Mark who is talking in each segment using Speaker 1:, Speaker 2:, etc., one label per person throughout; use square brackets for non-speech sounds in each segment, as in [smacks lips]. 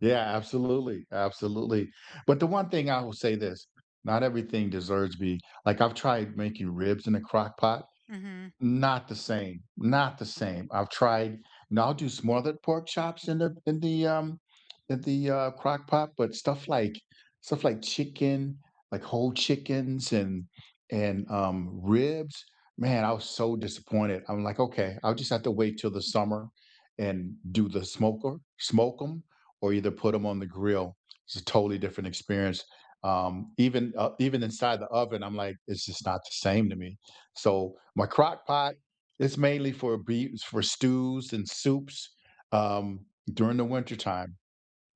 Speaker 1: Yeah, absolutely, absolutely. But the one thing I will say this, not everything deserves to be like, I've tried making ribs in a Crock Pot.
Speaker 2: Mhm.
Speaker 1: Not the same. Not the same. I've tried, and I'll do smothered pork chops in the in the, um [smacks lips] in the, uh, crock pot, but stuff like stuff like chicken, like whole chickens and and, um, ribs, man, I was so disappointed, I'm, like, "Okay, I'll just have to wait till the summer and do the smoker, smoke 'em, or either put 'em on the grill." It's a totally different experience. Um, even, uh, even inside the oven, I'm like, it's just not the same to me. So, my crock pot is mainly for bee is for stews and soups, um, during the wintertime.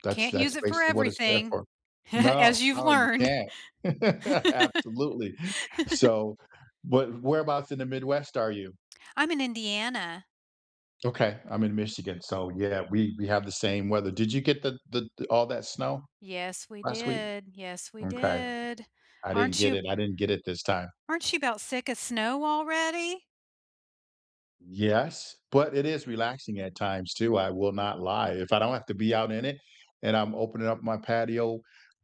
Speaker 1: That's
Speaker 2: Can't
Speaker 1: that's
Speaker 2: use it for
Speaker 1: basically what it's there
Speaker 2: everything
Speaker 1: for.
Speaker 2: [chuckles]
Speaker 1: No,
Speaker 2: as you've
Speaker 1: no, you
Speaker 2: learned.
Speaker 1: can't. [laughs] Absolutely.
Speaker 2: [laughs]
Speaker 1: So but whereabouts in the Midwest are you?
Speaker 2: I'm in Indiana.
Speaker 1: Okay, I'm in Michigan, so, yeah, we we have the same weather. Did you get the the all that snow?
Speaker 2: Yes, we
Speaker 1: Last week?
Speaker 2: did. Yes, we
Speaker 1: Okay.
Speaker 2: did.
Speaker 1: I didn't
Speaker 2: Aren't
Speaker 1: get
Speaker 2: you
Speaker 1: it I didn't get it this time.
Speaker 2: aren't you 'bout sick of snow already?
Speaker 1: Yes, but it is relaxing at times, too, I will not lie. If I don't have to be out in it and I'm opening up my patio,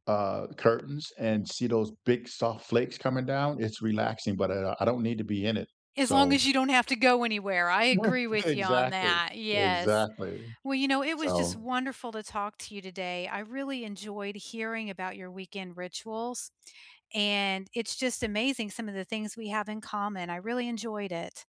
Speaker 1: uh, curtains and see those big, soft flakes coming down, it's relaxing, but, uh, I don't need to be in it.
Speaker 2: As long
Speaker 1: So
Speaker 2: as you don't have to go anywhere, I agree
Speaker 1: [unintelligible]
Speaker 2: with you on
Speaker 1: Exactly,
Speaker 2: that, yes.
Speaker 1: exactly.
Speaker 2: Well, you know, it was just
Speaker 1: So
Speaker 2: wonderful to talk to you today, I really enjoyed hearing about your weekend rituals, and it's just amazing some of the things we have in common. I really enjoyed it.